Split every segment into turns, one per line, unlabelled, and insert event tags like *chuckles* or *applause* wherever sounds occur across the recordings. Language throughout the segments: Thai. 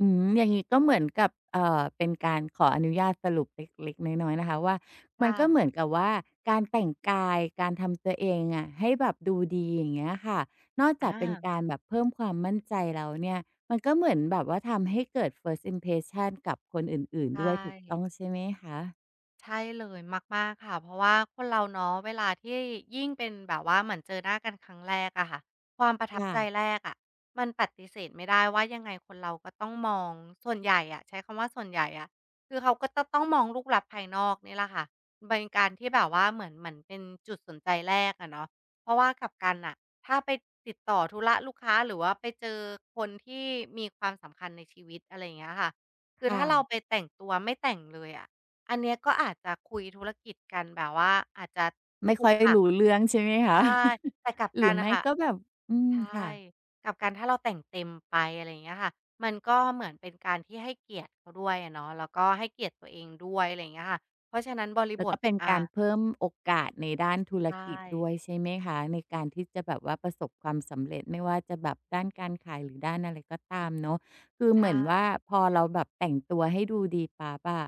อืม อย่างงี้ก็เหมือนกับ เอ่อ เป็นการขออนุญาตสรุปเล็ก ๆ น้อย ๆ นะคะว่า
ค
มั
่
นก็เ
ะ
หมือนกับว่า การแต่งกาย การทำตัวเองอะให้แบบดูดี อย่างเงี้ยค่ะ นอก
อ
จากเป็น
า
การแบบเพิ่มความมั่นใจแล้วเนี่ย มันก็เหมือนแบบว่าทำให้เกิด First impression กับคนอื่น
ใช
ๆ ด้วย ถูกต้อ
่
งใช่ไหมคะ?
ใช่เลย มาก ๆ ค่ะ เพราะว่าคนเราเนาะ เวลาที่ยิ่งเป็นแบบว่าเหมือนเจอหน้ากันครั้งแรกอะค่ะ ความประทั
ค
บ
่
ใจ
ะ
แรกอะ มันปฏิเสธไม่ได้ว่า ยังไงคนเราก็ต้องมอง ส่วนใหญ่อะ ใช้คำว่าส่วนใหญ่อะ คือเขาก็จะต้องมองรูปลักษณะภายนอกเนี่ยแหละค่ะ เป็นการที่แบบว่าเหมือน เหมือนเป็นจุดสนใจแรกอะเนาะ เพราะว่ากลับกันน่ะ ถ้าไปติดต่อธุระลูกค้า หรือว่าไปเจอคนที่มีความสำคัญในชีวิต อะไรอย่างเงี้ยค่ะ คื
ค
อ
่
ถ้าเรา
ะ
ไปแต่งตัวไม่แต่งเลยอะ อันเนี้ยก็อาจจะคุยธุรกิจกันแบบว่า อาจจะ
ไม่
ขรุ
ค่อย
ขระ
รู้เรื่องใช่ไหม
ใ
ค
ช
ะ?
่
*chuckles*
แต่กลับ
หร
ก
ื
ั
อ
นน
ไ
่
ม
ะ
่
ค่ะ
ก็แบบ อืม
ใช่
ค่ะ
กลับกัน ถ้าเราแต่งเต็มไป อะไรอย่างเงี้ยค่ะ มันก็เหมือนเป็นการที่ให้เกียรติเขาด้วยอะเนาะ แล้วก็ให้เกียรติตัวเองด้วย อะไรอย่างเงี้ยค่ะ เพราะฉะนั้นบริ
แล้
บ
วก
ท
็เป็น
อ
การ
า
เพิ่มโอกาสในด้านธุ
ใ
ร
ช
กิจด
่
้วย ใช่ไหมคะ ในการที่จะแบบว่าประสบความสำเร็จ ไม่ว่าจะแบบด้านการขาย หรือด้านอะไรก็ตามเนาะ คือ
ใช
เหมือนว่า
่
พอเราแบบแต่งตัวให้ดูดีปั๊บอะ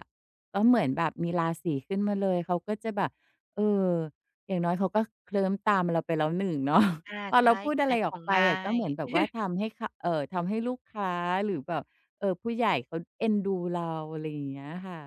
ก็เหมือนแบบมีราศีขึ้นมาเลย เขาก็จะแบบ เออ อย่างน้อยเขาก็เคลิ้มตามเราไปแล้ว 1 เนาะ
ค่ะ
พอ
ใช
เร
่
าพูด
ข
อะ
า
ไร
ยข
ออ
อ
ก
ง
ไป
ง่า
อะ ก็
ย
เหมือนแบบว่า
*giggles*
ทำให้เขา เอ่อ ทำให้ลูกค้า หรือแบบ เอ่อ ผู้ใหญ่เขาเอ็นดูเรา อะไรอย่างเงี้ยค่ะ